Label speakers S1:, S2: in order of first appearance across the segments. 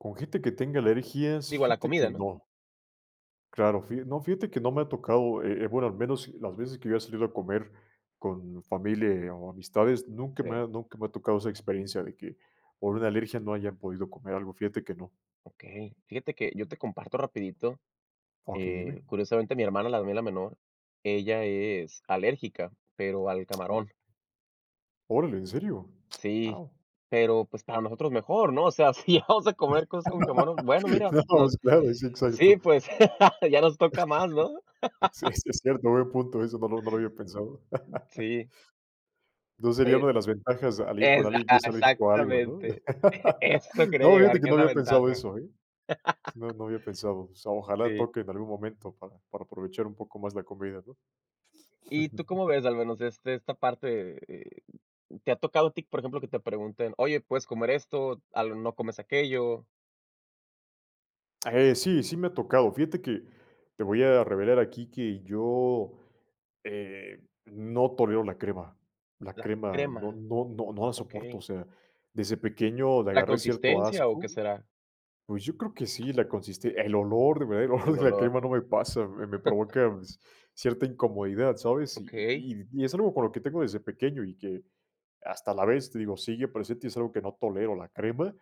S1: Con gente que tenga alergias,
S2: Digo, a la
S1: fíjate que
S2: comida, ¿no?
S1: no. Claro, fija no, fíjate que no me ha tocado, eh eh, bueno, al menos las veces que yo he salido a comer con familia, eh, o amistades, nunca me ha
S2: Sí.
S1: nunca me ha tocado esa experiencia de que, por una alergia no hayan podido comer algo, fíjate que no.
S2: Okey. Fíjate que yo te comparto rapidito,
S1: Okey,
S2: eh,
S1: dime.
S2: curiosamente mi hermana, la mía, la menor, ella es alérgica, pero al camarón.
S1: Órale. Órale, ¿en serio?
S2: Sí,
S1: Guau.
S2: pero pues para nosotros mejor, no, o sea, si ya vamos a comer cosas con camarón, bueno, mira,
S1: No
S2: no
S1: pues, claro. Sí,
S2: sí,
S1: exacto.
S2: pues ya nos toca más, no.
S1: Sí, sí es cierto, buen punto, eso no lo no lo había pensado.
S2: Sí.
S1: No sería
S2: Eh
S1: una de las ventajas al ir con
S2: exa
S1: alguien que
S2: a
S1: es alérgico a algo, ¿no?
S2: exactamente. Eso quería
S1: No, fíjate
S2: llegar,
S1: que
S2: que
S1: no
S2: es la
S1: había pensado
S2: ventaja.
S1: eso, ¿eh? S No, no había pensado. O sea, ojalá
S2: Sí.
S1: toque en algún momento para para aprovechar un poco más la comida, ¿no?
S2: ¿Y tú cómo ves, al menos, este, esta parte? Eh, ¿te ha tocado a ti, por ejemplo, que te pregunten: "Oye, ¿puedes comer esto?". Algo, "¿no comes aquello?".
S1: Eh, sí, sí me ha tocado, fíjate que te voy a revelar aquí que yo, eh, no tolero la crema, la
S2: La
S1: crema
S2: crema,
S1: no no no no la soporto. O
S2: okey.
S1: sea, desde pequeño le
S2: ¿La
S1: agarré cierto
S2: consistencia o qué
S1: asco
S2: será?
S1: Pues yo creo que sí, la consiste el olor de verdad, el
S2: El
S1: olor de la
S2: olor.
S1: crema no me pasa, me me provoca ci cierta incomodidad, ¿sabes? Y
S2: Okey.
S1: y y y es algo con lo que tengo desde pequeño y que hasta la vez, te digo, sigue presente y es algo que no tolero la crema,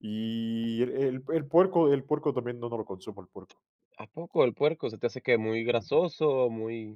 S1: y el el el puerco, el puerco también no no lo consumo el puerco.
S2: ¿A poco el puerco se te hace que muy
S1: Ujú.
S2: grasoso o muy?